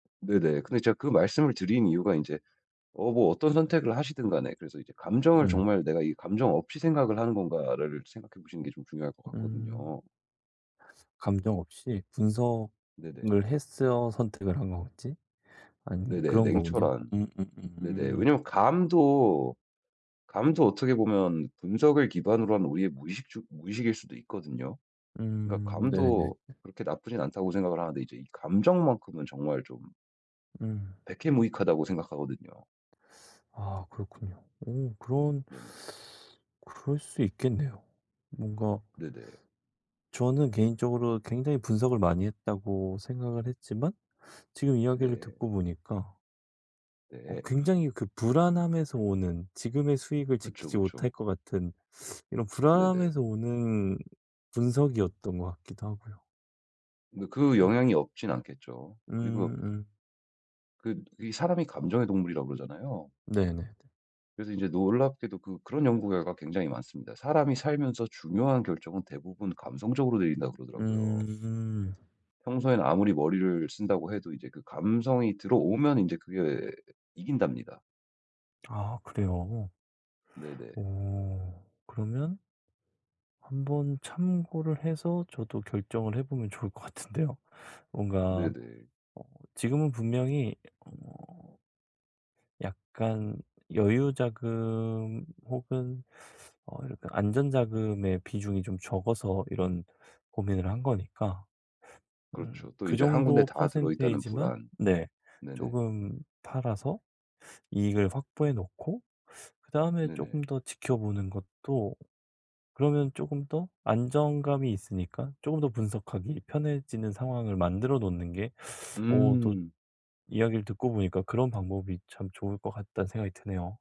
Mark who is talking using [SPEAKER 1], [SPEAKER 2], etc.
[SPEAKER 1] 네네. 근데 제가 그 말씀을 드린 이유가 인제 어 뭐 어떤 선택을 하시든간에 그래서 이제 감정을
[SPEAKER 2] 음.
[SPEAKER 1] 정말 내가 이 '감정 없이 생각을 하는 건가.'를 생각해 보시는 게 좀 중요할 것
[SPEAKER 2] 음.
[SPEAKER 1] 같거든요.
[SPEAKER 2] 감정 없이
[SPEAKER 1] 네네.
[SPEAKER 2] 분석을 했어 선택을 한 거지 아니
[SPEAKER 1] 네네.
[SPEAKER 2] 그런 거군요.
[SPEAKER 1] 냉철한.
[SPEAKER 2] 음음
[SPEAKER 1] 네네.
[SPEAKER 2] 음.
[SPEAKER 1] 왜냐하면 감도 감도 어떻게 보면 분석을 기반으로 한 우리의 무의식 주 무의식일 수도 있거든요. 그러니까
[SPEAKER 2] 음. 네네.
[SPEAKER 1] 감도 그렇게 나쁘진 않다고 생각을 하는데 이제 감정만큼은 정말 좀
[SPEAKER 2] 음.
[SPEAKER 1] 백해무익하다고 생각하거든요.
[SPEAKER 2] 아 그렇군요. 어 그런
[SPEAKER 1] 네네.
[SPEAKER 2] 그럴 수 있겠네요. 뭔가
[SPEAKER 1] 네네.
[SPEAKER 2] 저는 개인적으로 굉장히 분석을 많이 했다고 생각을 했지만 지금 이야기를
[SPEAKER 1] 네.
[SPEAKER 2] 듣고 보니까 어
[SPEAKER 1] 네.
[SPEAKER 2] 굉장히 그 불안함에서 오는 지금의 수익을
[SPEAKER 1] 그쵸,
[SPEAKER 2] 지키지 못할
[SPEAKER 1] 그쵸.
[SPEAKER 2] 것 같은 이런
[SPEAKER 1] 네네.
[SPEAKER 2] 불안함에서 오는 분석이었던 것 같기도 하고요.
[SPEAKER 1] 그러니까 그
[SPEAKER 2] 어.
[SPEAKER 1] 영향이 없진 않겠죠. 그리고
[SPEAKER 2] 음. 음.
[SPEAKER 1] 그 이 사람이 감정의 동물이라고 그러잖아요.
[SPEAKER 2] 네네네.
[SPEAKER 1] 그래서 이제 놀랍게도 그 그런 연구 결과가 굉장히 많습니다. "사람이 살면서 중요한 결정은 대부분 감성적으로 내린다." 그러더라고요.
[SPEAKER 2] 음.
[SPEAKER 1] 평소에는 아무리 머리를 쓴다고 해도 이제 그 감성이 들어오면 이제 그게 이긴답니다.
[SPEAKER 2] 아 그래요.
[SPEAKER 1] 네네.
[SPEAKER 2] 어. 그러면 한번 참고를 해서 저도 결정을 해 보면 좋을 것 같은데요. 뭔가
[SPEAKER 1] 네네.
[SPEAKER 2] 어 지금은 분명히 어 약간 여유 자금 혹은 어 약간 안전 자금의 비중이 좀 적어서 이런 고민을 한 거니까. 음.
[SPEAKER 1] 그렇죠. 또
[SPEAKER 2] 그
[SPEAKER 1] 이제 1 군데
[SPEAKER 2] 정도
[SPEAKER 1] 다 들어있다는
[SPEAKER 2] 퍼센티지만
[SPEAKER 1] 불안.
[SPEAKER 2] 네.
[SPEAKER 1] 네네.
[SPEAKER 2] 쪼금 팔아서 이익을 확보해 놓고 그다음에 쪼금
[SPEAKER 1] 네네.
[SPEAKER 2] 더 지켜보는 것도 그러면 쪼금 더 안정감이 있으니까 쪼금 더 분석하기 편해지는 상황을 만들어 놓는 게 어 또
[SPEAKER 1] 음.
[SPEAKER 2] 이야기를 듣고 보니까 그런 방법이 참 좋을 것 같다는 생각이 드네요.